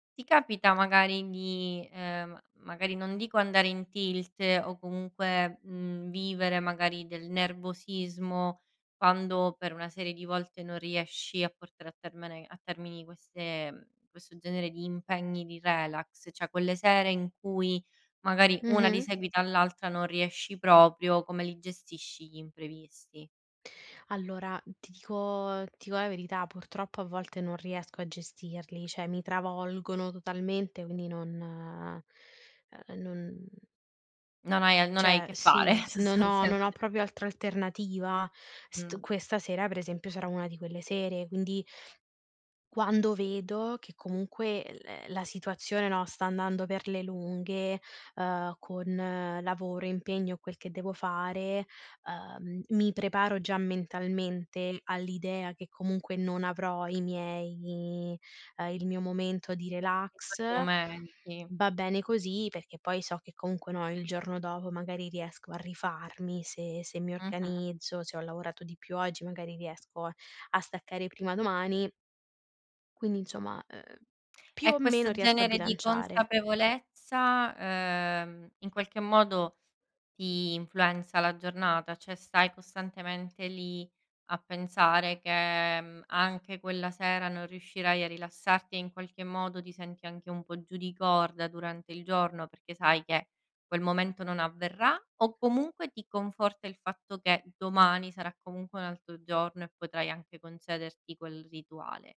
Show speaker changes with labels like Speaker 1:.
Speaker 1: Ti capita magari di, ehm, magari, non dico andare in tilt o comunque, mhmm, vivere magari del nervosismo quando per una serie di volte non riesci a portare a termene a termini queste mhmm, questo genere di impegni, di relax, cioè quelle sere in cui magari una di
Speaker 2: Mh-mh.
Speaker 1: seguito all'altra non riesci proprio, come li gestisci gli imprevisti?
Speaker 2: Allora ti dico ti co la verità, purtroppo a volte non riesco a gestirli, cioè mi travolgono totalmente quindi non ehm, non
Speaker 1: Non hai al non hai
Speaker 2: Cioè,
Speaker 1: che fare,
Speaker 2: sì, s non ho non
Speaker 1: sostanzialme
Speaker 2: ho proprio altra alternativa, st
Speaker 1: Mh-mh.
Speaker 2: questa sera, per esempio, sarà una di quelle sere, quindi quando vedo che comunque l la situazione no, sta andando per le lunghe, uhm, con lavoro, impegno e quel che devo fare, uhm, mi preparo già mentalmente all'idea che comunque non avrò i miei ehm, il mio momento di
Speaker 1: I
Speaker 2: relax;
Speaker 1: tuoi momenti.
Speaker 2: va bene così, perché poi so che comunque no, il giorno dopo magari riesco a rifarmi, se se mi
Speaker 1: Mh-mh.
Speaker 2: organizzo, se ho lavorato di più oggi magari riesco a staccare prima domani. Quindi insomma, uhm, più
Speaker 1: E
Speaker 2: o meno
Speaker 1: questo
Speaker 2: riesco a
Speaker 1: genere di
Speaker 2: bilanciare.
Speaker 1: consapevolezza, ehm, in qualche modo ti influenza la giornata? Cioè stai costantemente lì a pensare che, mhmm, anche quella sera non riuscirai a rilassarti e in qualche modo ti senti anche un po' giù di corda durante il giorno, perché sai che quel momento non avverrà o comunque ti conforta il fatto che domani sarà comunque un altro giorno e potrai anche concederti quel rituale?